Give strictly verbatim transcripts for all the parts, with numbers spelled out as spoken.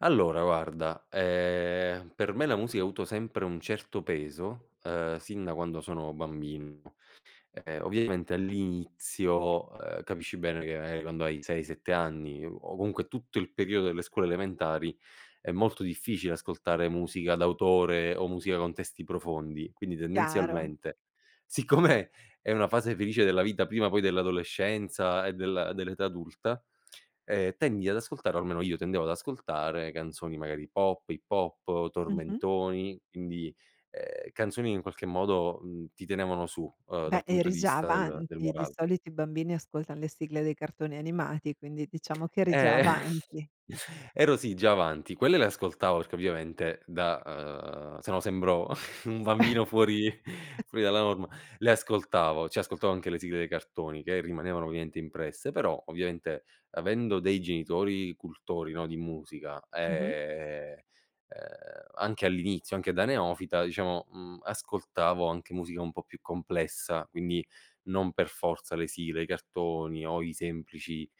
Allora, guarda, ehm, per me la musica ha avuto sempre un certo peso, ehm, sin da quando sono bambino. Ehm, ovviamente all'inizio, ehm, capisci bene che quando hai sei, sette anni o comunque tutto il periodo delle scuole elementari è molto difficile ascoltare musica d'autore o musica con testi profondi, quindi Chiaro. tendenzialmente siccome è una fase felice della vita prima poi dell'adolescenza e del dell'età adulta, ehm, tendi ad ascoltare, o almeno io, tendevo ad ascoltare canzoni magari pop, hip hop, Mh-mh. tormentoni, indi, ehm, canzoni che in qualche modo, mhmm, ti tenevano su, ehm, Beh, dal punto eri di già vista del del avanti, di morale. solito i bambini ascoltan le sigle dei cartoni animati, quindi diciamo che eri già Eh, avanti. ero sì già avanti, quelle le ascoltavo perché ovviamente da, ehm, se no sembro un bambino fuori fuori dalla norma, le ascoltavo, ci ascoltavo anche le sigle dei cartoni che rimanevano ovviamente impresse, però ovviamente avendo dei genitori cultori, no, di musica, Mh-mh. ehm, ehm, anche all'inizio, anche da neofita, diciamo, mhmm, ascoltavo anche musica un po' più complessa, quindi non per forza le sigle dei cartoni o i semplici,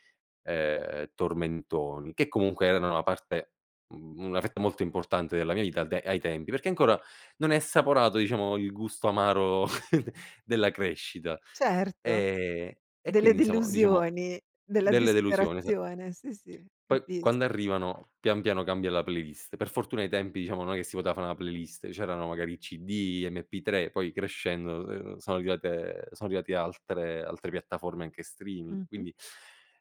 ehm, tormentoni, che comunque erano una parte u una fetta molto importante della mia vita al de ai tempi perché ancora non hai assaporato diciamo il gusto amaro della crescita, Certo. ehm, e Delle quindi diciamo diciamo delusioni, della delle delusioni, esa disperazione, sì, sì, Poi, quando capisco. arrivano pian piano cambia la playlist. Per fortuna ai tempi diciamo non è che si poteva fà la playlist, c'erano magari CD, MP3, poi crescendo, n sono arrivate son arrivati altre altre piattaforme anche streaming, Mh-mh. quindi,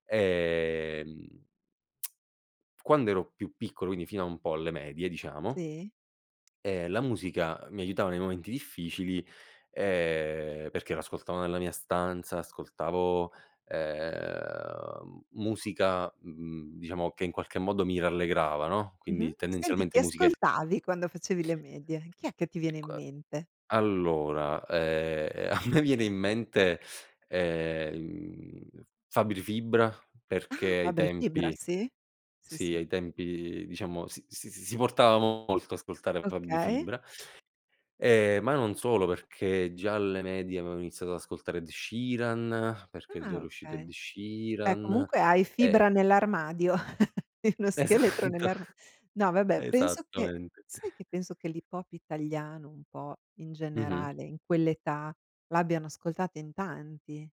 ehm, quando ero più piccolo, quindi fino a un po' alle medie diciamo, Sì. ehm, la musica mi aiutava nei momenti difficili, ehm, perché la ascoltavo nella mia stanza, ascoltavo, ehm, musica, mhmm, diciamo che in qualche modo mi rallegrava, no, Mh-mh. quindi Senti, tendenzialmente chi musiche ascoltavi quando facevi le medie? Chi è che ti viene in C mente? allora, ehm, a me viene in mente, ehm, mhmm, Fabri Fibra perché Ah. ai Fabri Fibra, tempi sì. Sì, sì, sì. ai tempi diciamo s s s si portava molto ascoltare Fabri Okay. Fibra, ehm, ma non solo perché già alle medie avevo iniziato ad ascoltare Ed Sheeran, perché già Ah. era uscito Ed Okay. Beh Sheeran comunque hai Fibra e nell'armadio, lo scheletro Esatto. nell'arma no vabbè penso che Esattamente. sai che penso che l'hip hop italiano un po', in Mh-mh. generale, in quell'età, l'abbiano ascoltata in tanti?